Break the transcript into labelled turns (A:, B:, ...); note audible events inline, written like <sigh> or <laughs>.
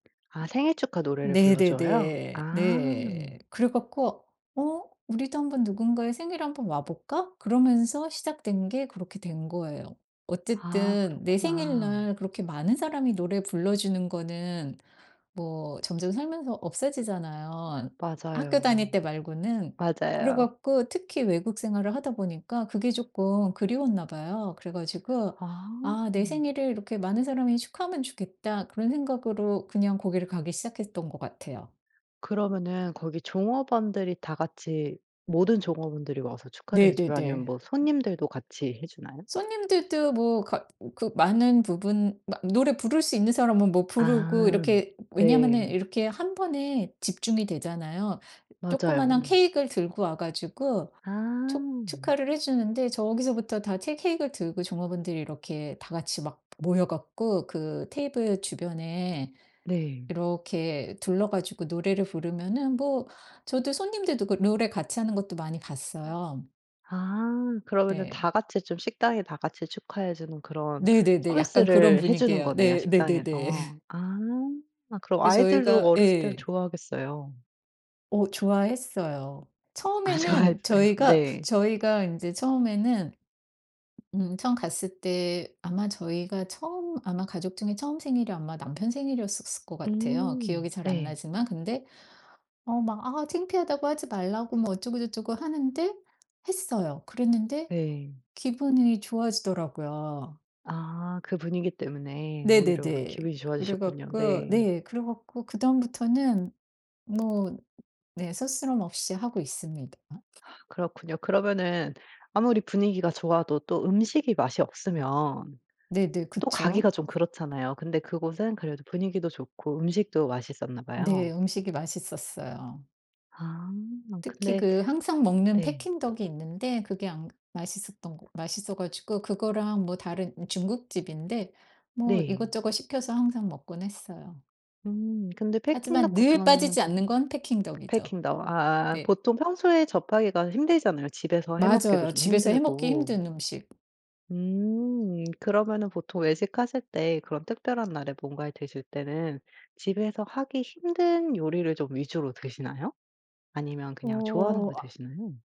A: 아 생일 축하 노래를 불러줘요?
B: 네네네.
A: 아.
B: 네. 그래 갖고 '어 우리도 1 번 누군가의 생일에 1 번 와 볼까?' 그러면서 시작된 게 그렇게 된 거예요.
A: 아
B: 어쨌든 내
A: 그렇구나.
B: 생일날 그렇게 많은 사람이 노래 불러주는 거는 뭐 점점 살면서 없어지잖아요 학교
A: 맞아요.
B: 다닐 때 말고는. 그래
A: 맞아요.
B: 갖고 특히 외국 생활을 하다 보니까 그게 조끔 그리웠나 봐요. 그래 가지고
A: 아.
B: '아 내 생일을 이렇게 많은 사람이 축하하면 좋겠다.' 그런 생각으로 그냥 거기를 가기 시작했던 것 같아요.
A: 그러면은 거기 종업원들이 다 같이 모든 종업원들이 와서 축하를 해 주나요? 아니면
B: 네네네.
A: 뭐 손님들도 같이 해 주나요?
B: 손님들도 뭐 가 그 많은 부분 마 노래 부를 수 있는 사람은 뭐 부르고
A: 아
B: 이렇게 왜냐하면은
A: 네.
B: 이렇게 한번에 집중이 되잖아요.
A: 맞아요.
B: 조그마한 케익을 들고 와 가지고, 축
A: 아.
B: 축하를 해 주는데 저기서부터 다 채 케익을 들고 종업원들이 이렇게 다 같이 막 모여 갖고 그 테이블 주변에
A: 네.
B: 이렇게 둘러 가지고 노래를 부르면은 뭐 저도 손님들도 그 노래 같이 하는 것도 많이
A: 아
B: 봤어요.
A: 아 그러면은
B: 네.
A: 다같이 좀 식당에 다같이 축하해 주는 그런
B: 네네네 약간 그런
A: 서비스를 해 주는
B: 분위기예요.
A: 거네요
B: 네 네네네.
A: 식당에서.
B: <laughs>
A: 아 그럼
B: 그래서
A: 아이들도
B: 저희가
A: 어렸을 때
B: 예.
A: 좋아하겠어요.
B: 어 좋아했어요.
A: 아
B: 처음에는
A: 좋아했어요.
B: 저희가,
A: 네.
B: 저희가 인제 처음에는 음 처음 갔을 때 아마 저희가 처음 아마 가족 중에 처음 생일이 아마 남편 생일이었었을 것 같아요 기억이
A: 음
B: 잘 안
A: 네.
B: 나지만. 근데 어 막 아 창피하다고 하지 말라고 뭐 어쩌고저쩌고 하는데 했어요. 그랬는데
A: 네.
B: 기분이 좋아지더라고요.
A: 아 그 분위기 때문에 오히려
B: 네네네.
A: 기분이
B: 그래
A: 좋아지셨군요.
B: 갖고
A: 네.
B: 네 그래 갖고 그다음부터는 뭐 네 스스럼없이 하고 있습니다.
A: 그렇군요. 그러면은 아무리 분위기가 좋아도 또 음식이 맛이 없으면,
B: 네네
A: 또
B: 그쵸.
A: 가기가 좀 그렇잖아요. 근데 그곳은 그래도 분위기도 좋고 음식도 맛있었나
B: 네
A: 봐요.
B: 음식이 맛있었어요.
A: 아
B: 특히
A: 근데
B: 그 항상 먹는
A: 네.
B: Peking duck이 있는데 그게 안 맛있었던거 맛있어 가지고 그거랑 뭐 다른 중국집인데 뭐
A: 네.
B: 이것저것 시켜서 항상 먹곤 했어요.
A: 음 근데 Peking
B: 하지만
A: duck 같은
B: 늘
A: 거는
B: 빠지지 않는 건 Peking duck이죠.
A: Peking duck 아
B: 네.
A: 보통 평소에 접하기가 힘들잖아요 집에서 해 먹기도
B: 맞아요.
A: 좀
B: 집에서 해 먹기
A: 힘들고.
B: 힘든 음식.
A: 음 그러면은 보통 외식하실 때 그런 특별한 날에 뭔가를 드실 때는 집에서 하기 힘든 요리를 좀 위주로 드시나요? 아니면 그냥 좋아하는
B: 어어
A: 걸
B: 아
A: 드시나요?